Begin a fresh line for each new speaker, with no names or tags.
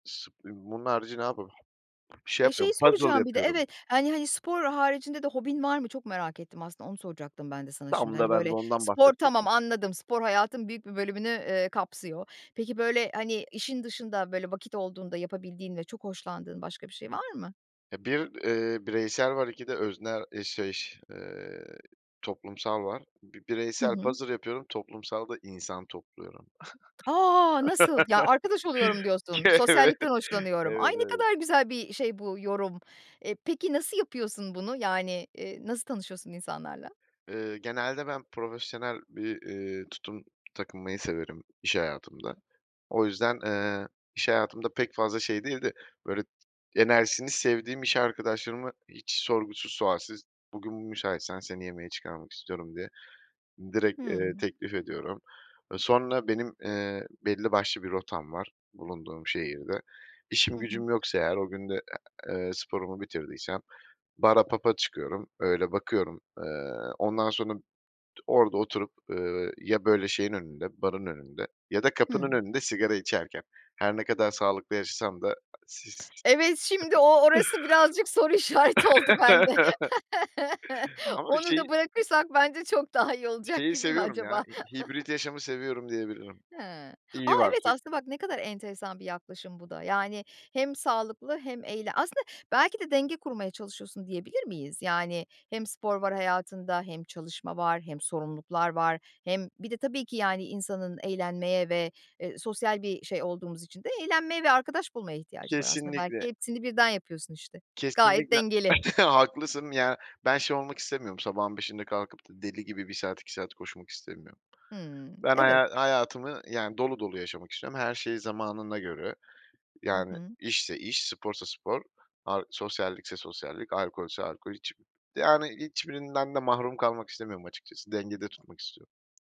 Bunun harici ne yapıyorum? Bir şey
Ve şeyi
yapmıyorum, puzzle
soracağım bir de
yapıyorum.
Evet, hani hani, spor haricinde de hobin var mı? Çok merak ettim, aslında onu soracaktım ben de sana şimdi.
Tam da
Hani,
ben de
böyle,
ondan
spor tamam,
bahsedecektim.
anladım. Spor hayatın büyük bir bölümünü, eee, kapsıyor. Peki, böyle, hani, işin dışında böyle vakit olduğunda yapabildiğin ve çok hoşlandığın başka bir şey var mı?
Eee, 1, eee, bireysel var. 2 de öznel eee, şey, eee, toplumsal var. Bi
Hı
bireysel
hı.
puzzle yapıyorum toplumsalda insan topluyorum.
A! Nasıl? Ya, arkadaş oluyorum
K
diyorsun,
evet,
sosyallikten hoşlanıyorum. Ay,
evet,
ne
evet.
kadar güzel bir şey bu yorum. Eee, peki nasıl yapıyorsun bunu? Yani, eee, nasıl tanışıyorsun insanlarla?
Iıı, genelde ben profesyonel bir, ııı, tutum takınmayı severim iş hayatımda. O yüzden, eee, iş hayatımda pek fazla şey değil de, böyle, enerjisini sevdiğim iş arkadaşlarımı hiç sorgusuz sualsiz, "Bugün müsaitsen seni yemeğe çıkarmak istiyorum." diye direkt, eee,
Hımm.
teklif ediyorum. Eee, sonra benim, eee, belli başlı bir rotam var bulunduğum şehirde. İşim
Hı hı.
gücüm yoksa eğer o gün de, eee, sporumu bitirdiysem bara, pub'a çıkıyorum, öyle bakıyorum. Eee, ondan sonra t orada oturup, ııı, ya böyle şeyin önünde, barın önünde ya da kapının
Hımm.
önünde sigara içerken her ne kadar sağlıklı yaşasam da s
Evet, şimdi o orası birazcık soru işareti oldu bende.
Ama bir
Onu da
şeyi
bırakırsak bence çok daha iyi olacak
şeyi
gibi mi
seviyorum ya,
acaba?
hi hibrit yaşamı seviyorum diyebilirim.
Hıı. A!
İyi
Evet,
[unintelligible]
aslında bak ne kadar enteresan bir yaklaşım bu da. Yani hem sağlıklı hem eğle Aslında belki de denge kurmaya çalışıyorsun diyebilir miyiz? Yani hem spor var hayatında hem çalışma var hem sorumluluklar var hem Bir de tabii ki yani insanın eğlenmeye ve, eee, sosyal bir şey olduğumuz için de eğlenmeye ve arkadaş bulmaya ihtiyacı var aslında. Belki
Kesinlikle.
hepsini birden yapıyorsun işte. Gayet
Kesinlikle,
dengeli.
haklısın. Ya, ben şey olmak istemiyorum sabahın 05.00'inde kalkıp da deli gibi 1 saat 2 saat koşmak istemiyorum
Hımm.
Ben
Evet.
haya hayatımı, yani, dolu dolu yaşamak istiyorum. Her şey zamanına göre;
Hı
yani
hı.
işse iş, sporsa spor, ar sosyallikse sosyallik, alkolse alkol. Hiç yani, hiçbirinden de mahrum kalmak istemiyorum açıkçası. Dengede tutmak istiyorum.